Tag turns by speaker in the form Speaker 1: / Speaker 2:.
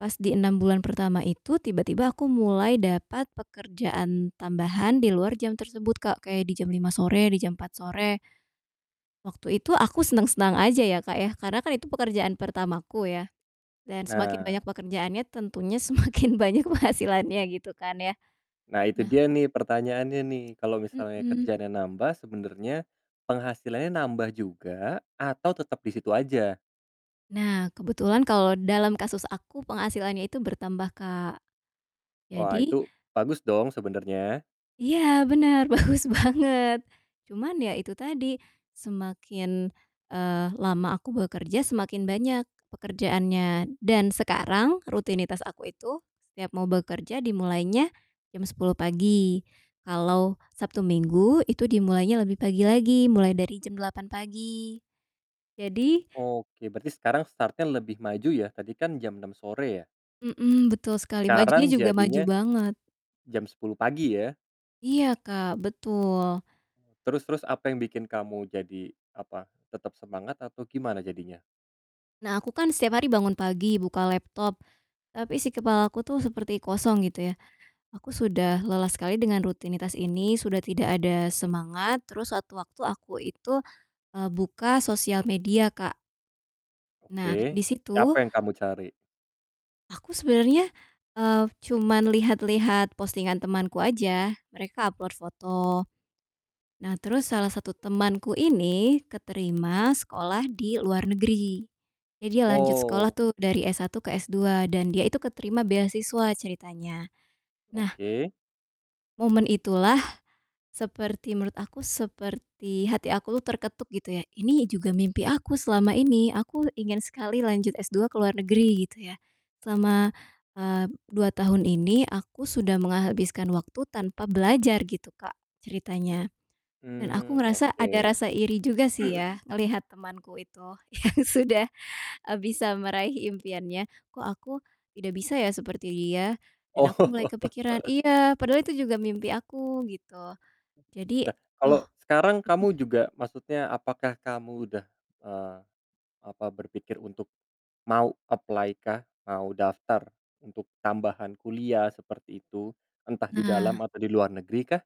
Speaker 1: Pas di 6 bulan pertama itu tiba-tiba aku mulai dapat pekerjaan tambahan di luar jam tersebut Kak, kayak di jam 5:00 sore, di jam 4:00 sore. Waktu itu aku seneng-seneng aja ya, Kak, ya, karena kan itu pekerjaan pertamaku ya, dan semakin
Speaker 2: Nah.
Speaker 1: banyak pekerjaannya tentunya semakin banyak penghasilannya, gitu kan ya.
Speaker 2: Nah, itu
Speaker 1: Nah
Speaker 2: dia nih, pertanyaannya nih, kalo misalnya
Speaker 1: Mhm.
Speaker 2: kerjaannya nambah sebenernya penghasilannya nambah juga atau tetep di situ aja?
Speaker 1: Nah, kebetulan kalau dalam kasus aku, penghasilannya itu bertambah, Kak,
Speaker 2: Wah,
Speaker 1: jadi
Speaker 2: itu bagus dong sebenernya.
Speaker 1: Iya bener, bagus banget. Cuman ya itu tadi, semakin, eee, lama aku bekerja, semakin banyak pekerjaannya. Dan sekarang rutinitas aku itu setiap mau bekerja dimulainya jam 10:00 pagi, kalau Sabtu Minggu itu dimulainya lebih pagi lagi, mulai dari jam 8:00 pagi. Jadi
Speaker 2: Oke, berarti sekarang start-nya lebih maju ya, tadi kan jam 6:00 sore ya.
Speaker 1: Mhm, betul sekali, majunya
Speaker 2: Sekarang
Speaker 1: juga maju
Speaker 2: jadinya
Speaker 1: banget.
Speaker 2: jam 10:00 pagi ya.
Speaker 1: Iya, Kak, betul.
Speaker 2: Terus terus apa yang bikin kamu jadi, apa, tetep semangat atau gimana jadinya?
Speaker 1: Nah, aku kan setiap hari bangun pagi, buka laptop, tapi isi kepalaku tuh seperti kosong gitu ya, aku sudah lelah sekali dengan rutinitas ini, sudah tidak ada semangat, terus sewaktu-waktu aku itu, eee, buka sosial media, Kak. Nah, di
Speaker 2: Oke,
Speaker 1: situ
Speaker 2: siapa yang kamu cari?
Speaker 1: aku sebenernya, eee, cuman lihat-lihat postingan temanku aja, mereka upload foto. Nah, terus salah satu temanku ini keterima sekolah di luar negeri, eh, dia lanjut sekolah
Speaker 2: Wow.
Speaker 1: tuh dari S1 ke S2 dan dia itu keterima beasiswa ceritanya. Nah
Speaker 2: Oke.
Speaker 1: momen itulah seperti menurut aku seperti hati aku tuh terketuk gitu ya, ini juga mimpi aku selama ini, aku ingin sekali lanjut S2 ke luar negeri gitu ya. Selama, eee, 2 tahun ini aku sudah menghabiskan waktu tanpa belajar gitu, Kak, ceritanya, dan aku
Speaker 2: Mmm,
Speaker 1: ngerasa ada
Speaker 2: oke.
Speaker 1: rasa iri juga sih ya ngelihat temanku itu yang sudah, eee, bisa meraih impiannya, "Kok aku tidak bisa ya seperti dia?" Dan aku mulai
Speaker 2: Oh.
Speaker 1: kepikiran, iya, padahal itu juga mimpi aku gitu. Jadi
Speaker 2: Lah,
Speaker 1: oh,
Speaker 2: kalau sekarang kamu
Speaker 1: mhm.
Speaker 2: juga maksudnya apakah kamu udah, eee, apa, berpikir untuk mau apply kah? Mau daftar untuk tambahan kuliah seperti itu? Entah di dalam
Speaker 1: Nah.
Speaker 2: atau di luar negerikah?